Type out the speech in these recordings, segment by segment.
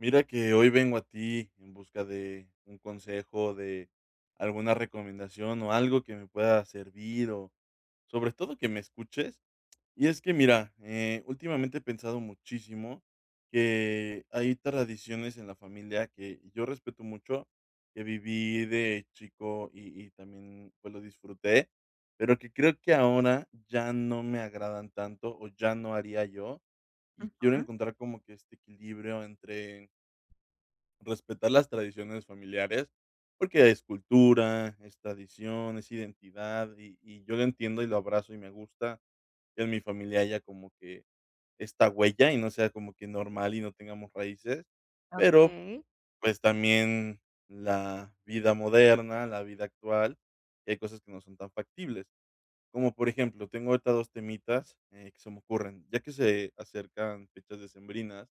Mira que hoy vengo a ti en busca de un consejo, de alguna recomendación o algo que me pueda servir, o sobre todo que me escuches, y es que mira, eh, últimamente he pensado muchísimo que hay tradiciones en la familia que yo respeto mucho, que viví de chico y y también, pues, lo disfruté, pero que creo que ahora ya no me agradan tanto o ya no haría yo, y quiero Ujú. encontrar como que este equilibrio entre respetar las tradiciones familiares porque es cultura, es tradición, es identidad y y yo lo entiendo y lo abrazo, y me gusta que en mi familia haya como que esta huella, y no sea como que normal y no tengamos raíces, pero Okey. pues también la vida moderna, la vida actual, y hay cosas que no son tan factibles como, por ejemplo, tengo ahorita 2 temitas, eh, que se me ocurren, ya que se acercan fechas decembrinas,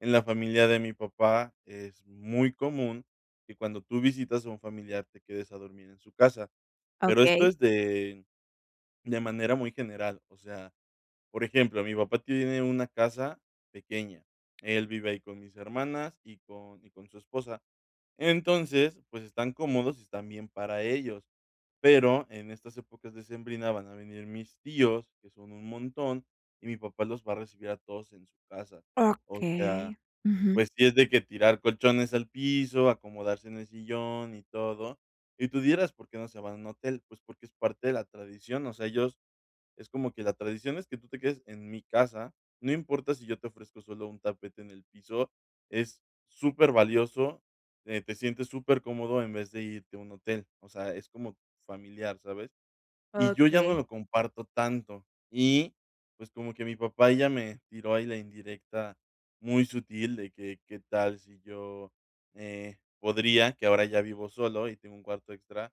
en la familia de mi papá, es muy común que cuando tú visitas a un familiar te quedes a dormir en su casa, pero esto Okey. es de de manera muy general, o sea, por ejemplo, mi papá tiene una casa pequeña, él vive ahí con mis hermanas y con y con su esposa, entonces pues están cómodos y están bien para ellos, pero en estas épocas decembrinas van a venir mis tíos que son un montón y mi papá los va a recibir a todos en su casa, o sea, Okey, ujú. pues si es de que tirar colchones al piso, acomodarse en el sillón y todo, y tú dirás, ¿por qué no se van a un hotel?, pues porque es parte de la tradición, o sea, ellos es como que la tradición es que tú te quedes en mi casa, no importa si yo te ofrezco solo un tapete en el piso, es súper valioso, eh, te sientes super cómodo en vez de irte a un hotel, o sea, es como familiar, ¿sabes?, y yo ya no Okey. lo comparto tanto y pues como que mi papá ya me tiró ahí la indirecta muy sutil de que, qué tal si yo, eh, podría, que ahora ya vivo solo y tengo un cuarto extra,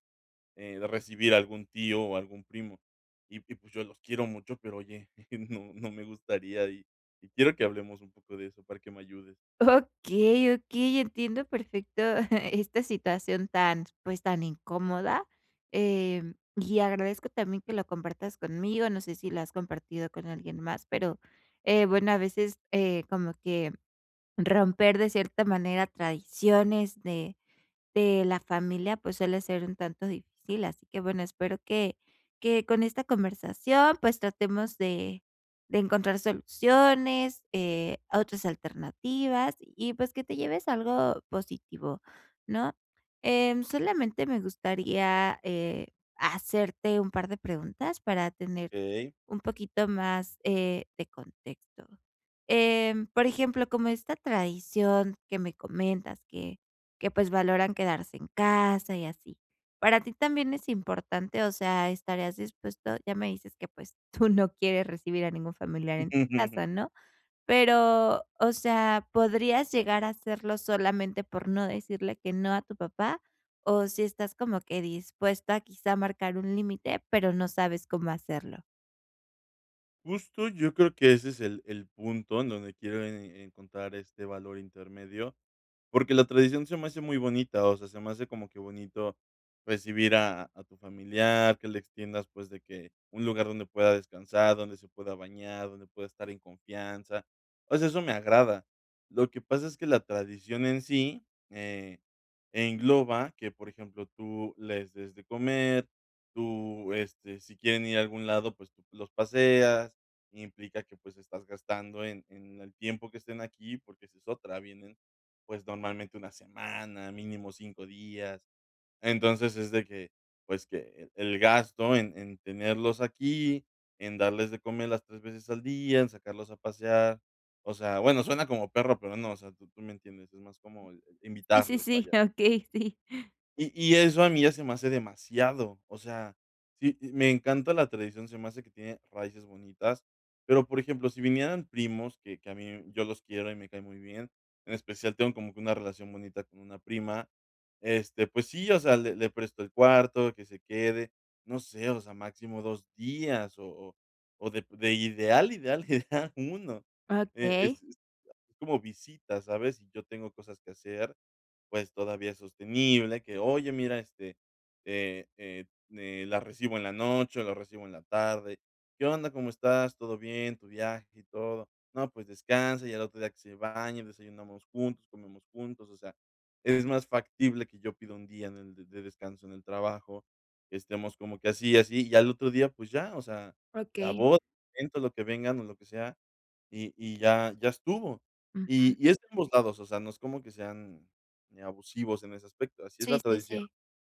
eh, de recibir algún tío o algún primo, y y pues yo los quiero mucho, pero oye, no no me gustaría y y quiero que hablemos un poco de eso para que me ayudes. Okey, okey, entiendo perfecto esta situación tan, pues tan incómoda, eh, y agradezco también que lo compartas conmigo. No sé si lo has compartido con alguien más, pero, eh, bueno, a veces, eh, como que romper de cierta manera tradiciones de de la familia, pues suele ser un tanto difícil. Así que bueno, espero que que con esta conversación, pues tratemos de de encontrar soluciones, eh, otras alternativas y pues, que te lleves algo positivo, ¿no?, eh, solamente me gustaría, eh, hacerte un par de preguntas para tener Okey. un poquito más, eh, de contexto, em, por ejemplo, como esta tradición que me comentas que que pues valoran quedarse en casa y así, para ti también es importante, o sea, estarías dispuesto, ya me dices que pues tú no quieres recibir a ningún familiar en tu casa, ¿no?, pero o sea, ¿podrías llegar a hacerlo solamente por no decirle que no a tu papá, o si estás como que dispuesta a quizá, a marcar un límite, pero no sabes cómo hacerlo? Justo. Yo creo que ese es el el punto en donde quiero e e encontrar este valor intermedio, porque la tradición se me hace muy bonita. O sea, se me hace como que bonito recibir a a tu familiar, que le extiendas, pues, de que un lugar donde pueda descansar, donde se pueda bañar, donde pueda estar en confianza. O sea, eso me agrada. Lo que pasa es que la tradición en sí, eh, engloba que, por ejemplo, tú les des de comer, tú este, si quieren ir a algún lado, pues, tú los paseas. Implica que, pues, estás gastando en en el tiempo que estén aquí, porque esa es otra. Vienen, pues, normalmente una semana, mínimo 5 días. Entonces, es de que, pues, que el gasto en en tenerlos aquí, en darles de comer las 3 veces al día, en sacarlos a pasear. O sea, bueno, suena como perro, pero no. O sea, tú me entiendes. Es más como Sí, sí, invitarlos. sí. Vaya. Okey, sí. Y y eso a mí ya se me hace demasiado. O sea, sí, eh, me encanta la tradición. Se me hace que tiene raíces bonitas, pero, por ejemplo, si vinieran primos que que a mí me yo los quiero y me cae muy bien. En especial, tengo como que una relación bonita con una prima, este., pues sí, o sea, le le presto el cuarto, que se quede. No sé, o sea, máximo 2 días o o o de p de ideal, ideal, que sea 1, e Okey. es es como visita, ¿sabes? Y yo tengo cosas que hacer, pues, todavía sostenible que: "Oye, mira, este, eh, eh, mm, eh, la recibo en la noche o la recibo en la tarde. ¿Qué onda? ¿Cómo estás? Todo bien, tu viaje y todo, ¿no? Pues descansa", y al otro día que se baña, desayunamos juntos, comemos juntos. O sea, es más factible que yo pida 1 día en el de descanso en el trabajo, estemos como que así y así, y al otro día, pues ya, o sea, la Okey. boda, el evento, lo que vengan o lo que sea, y y ya, ya estuvo, Ujú. y y es de ambos lados. O sea, no es como que sean, eh, abusivos en ese aspecto. Así es la Sí, sí, tradición. sí.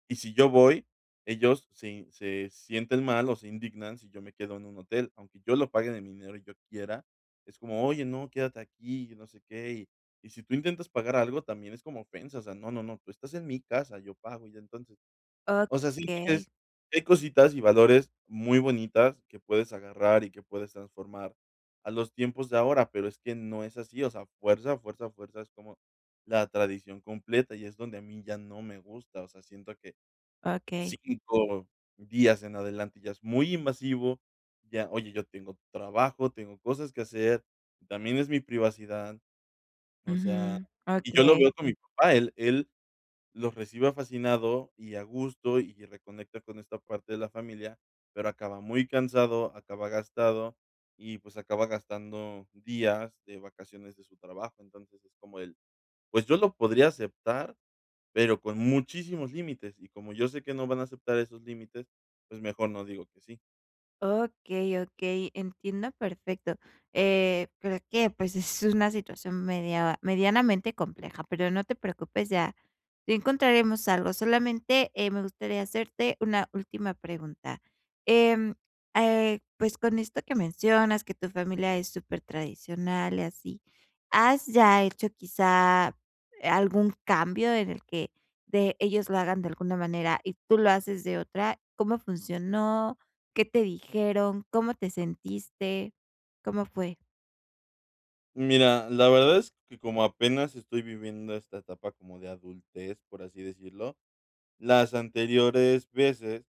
Y, si yo voy, ellos se y se sienten mal o se indignan si yo me quedo en un hotel, aunque yo lo pague de mi dinero y yo quiera, es como: "Oye, no, quédate aquí", y yo no sé qué. Y, si tú intentas pagar algo, también es como ofensa. O sea: "No, no, no, tú estás en mi casa. Yo pago", y ya. Entonces, o sea, siento que Okey. es que hay cositas y valores muy bonitas que puedes agarrar y que puedes transformar a los tiempos de ahora. Pero es que no es así. O sea, fuerza, fuerza, fuerza, es como la tradición completa y es donde a mí ya no me gusta. O sea, siento que Okey. 5 días en adelante ya es muy invasivo. Ya: "Oye, yo tengo trabajo. Tengo cosas que hacer, también es mi privacidad". O sea, Ujú. y yo lo veo Okey. con mi papá. Él él los recibe fascinado y a gusto y reconecta con esta parte de la familia, pero acaba muy cansado, acaba gastado y, pues, acaba gastando días de vacaciones de su trabajo. Entonces, es como él. Pues yo lo podría aceptar, pero con muchísimos límites y, como yo sé que no van a aceptar esos límites, pues mejor no digo que sí. Okey, okey, entiendo, perfecto. Eh, pero que, pues, es una situación media medianamente compleja, pero no te preocupes, ya ya encontraremos algo, solamente, eh, me gustaría hacerte una última pregunta. Em, eh, pues, con esto que mencionas que tu familia es supertradicional y así. ¿Has ya hecho quizá algún cambio en el que, de ellos lo hagan de alguna manera y tú lo haces de otra? ¿Cómo funcionó? ¿Qué te dijeron? ¿Cómo te sentiste? ¿Cómo fue? Mira, la verdad es que, como apenas estoy viviendo esta etapa como de adultez, por así decirlo, las anteriores veces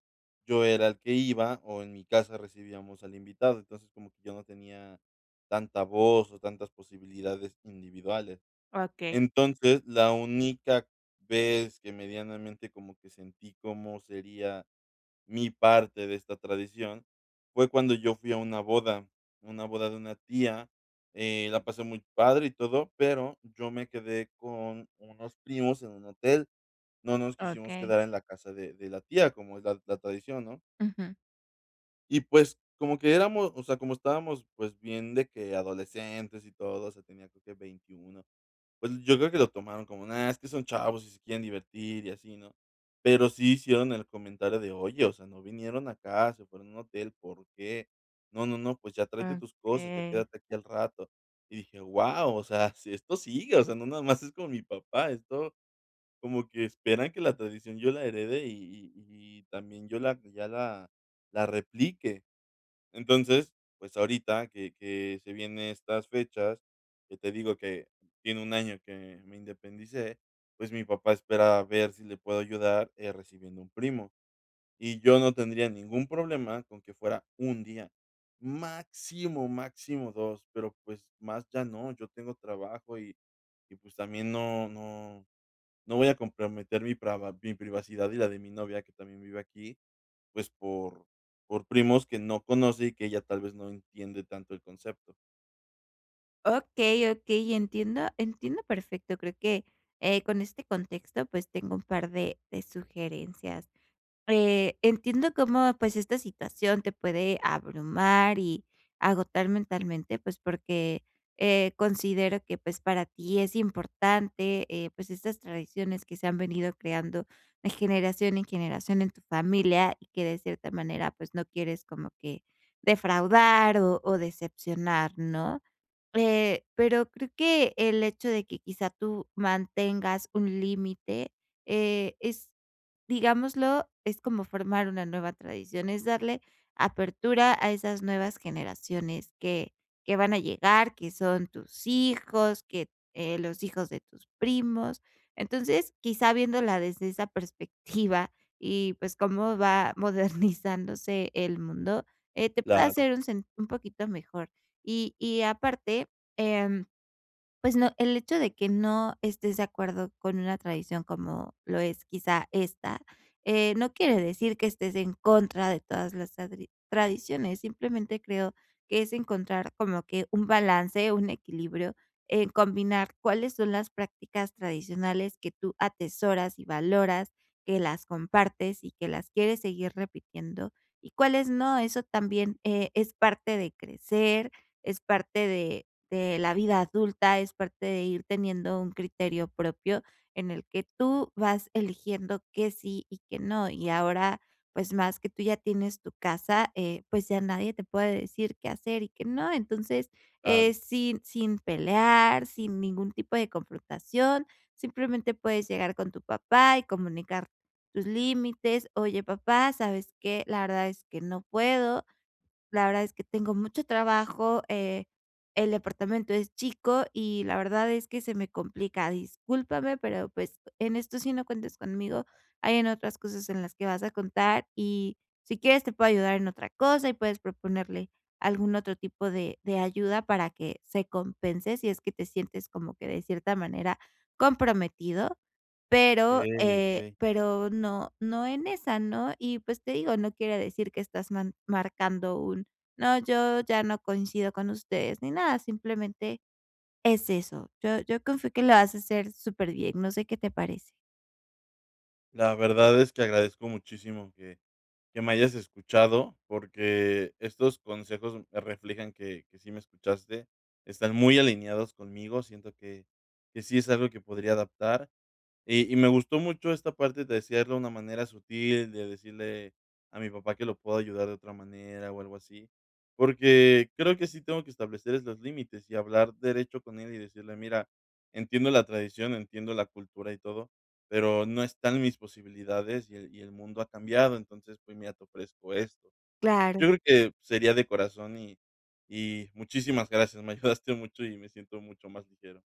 yo era el que iba o en mi casa recibíamos al invitado, entonces, como que yo no tenía tanta voz o tantas posibilidades individuales. Okey. Entonces, la única vez que medianamente como que sentí cómo sería mi parte de esta tradición fue cuando yo fui a una boda, una boda de una tía, eh, la pasé muy padre y todo. Pero yo me quedé con unos primos en un hotel. No nos quisimos Okey. quedar en la casa de de la tía, como es la la tradición, ¿no? Ujú. Y pues, como que éramos o sea, como estábamos, pues, bien de que adolescentes y todo. O sea, tenía creo que 21. Pues, yo creo que lo tomaron como nada, es que son chavos y se quieren divertir, y así, ¿no? Pero sí hicieron el comentario de: "Oye, o sea, no vinieron acá, se fueron a un hotel. ¿Por qué? No, no, no, pues, ya tráete tus cosas. Ya Okey. quédate aquí al rato". Y dije: "Wao, o sea, si esto sigue". O sea, no nada más es con mi papá. Esto como que esperan que la tradición yo la herede, y y y también yo la ya la la replique. Entonces, pues, ahorita que que se vienen estas fechas que te digo que tiene 1 año que me independicé. Pues, mi papá espera a ver si le puedo ayudar, eh, recibiendo un primo. Y yo no tendría ningún problema con que fuera 1 día máximo, máximo 2 pero, pues, más ya no. Yo tengo trabajo, y y, pues, también no, no, no voy a comprometer mi preva mi privacidad y la de mi novia que también vive aquí, pues, por por primos que no conoce, y que ella tal vez no entiende tanto el concepto. Okey, okey, entiendo, entiendo perfecto, creo que, eh, con este contexto, pues, tengo un par de de sugerencias. Eh, entiendo cómo, pues, esta situación te puede abrumar y agotar mentalmente, pues, porque, eh, considero que, pues, para ti es importante, eh, pues, estas tradiciones que se han venido creando de generación en generación en tu familia y que, de cierta manera, pues, no quieres como que defraudar o o decepcionar, ¿no? Eh, pero creo que el hecho de que quizá tú mantengas un límite, eh, es digámoslo, es como formar una nueva tradición, es darle apertura a esas nuevas generaciones que que van a llegar, que son tus hijos, que, eh, los hijos de tus primos. Entonces quizá viéndola desde esa perspectiva y, pues, cómo va modernizándose el mundo, eh, te puede Claro. hacer un sen un poquito mejor y y aparte, em, pues no el hecho de que no estés de acuerdo con una tradición como lo es quizá esta, eh, no quiere decir que estés en contra de todas las tadri tradiciones, simplemente creo que es encontrar como que un balance, un equilibrio en combinar cuáles son las prácticas tradicionales que tú atesoras y valoras, que las compartes y que las quieres seguir repitiendo y cuáles no. Eso también, eh, es parte de crecer, es parte de de la vida adulta, es parte de ir teniendo un criterio propio en el que tú vas eligiendo que sí y que no. Y ahora, pues, más que tú ya tienes tu casa, eh, pues, ya nadie te puede decir qué hacer y qué no. Entonces Claro. es sin sin pelear, sin ningún tipo de confrontación, simplemente puedes llegar con tu papá y comunicar tus límites: "Oye, papá, ¿sabes qué?, la verdad es que no puedo. La verdad es que tengo mucho trabajo, eh, el departamento es chico y la verdad es que se me complica. Discúlpame, pero, pues, en esto sí no cuentes conmigo, hay en otras cosas en las que vas a contar y si quieres te puedo ayudar en otra cosa". Y puedes proponerle algún otro tipo de de ayuda para que se compense si es que te sientes como que, de cierta manera, comprometido. Pero, Okey, eh, okey. pero no no en esa, ¿no? Y, pues, te digo, no quiere decir que estás man marcando un: "No, yo ya no coincido con ustedes". Ni nada, simplemente es eso. Yo yo confío que lo vas a hacer superbién. No sé qué te parece. La verdad es que agradezco muchísimo que que me hayas escuchado, porque estos consejos me reflejan que que sí me escuchaste. Están muy alineados conmigo, siento que que sí es algo que podría adaptar y y me gustó mucho esta parte de decirle de una manera sutil, de decirle a mi papá que lo puedo ayudar de otra manera o algo así, porque creo que sí tengo que establecer es los límites y hablar derecho con él y decirle: "Mira, entiendo la tradición, entiendo la cultura y todo, pero no está en mis posibilidades y el y el mundo ha cambiado. Entonces, pues, mira, te ofrezco esto". Claro. Yo creo que sería de corazón y y muchísimas gracias, me ayudaste mucho y me siento mucho más ligero.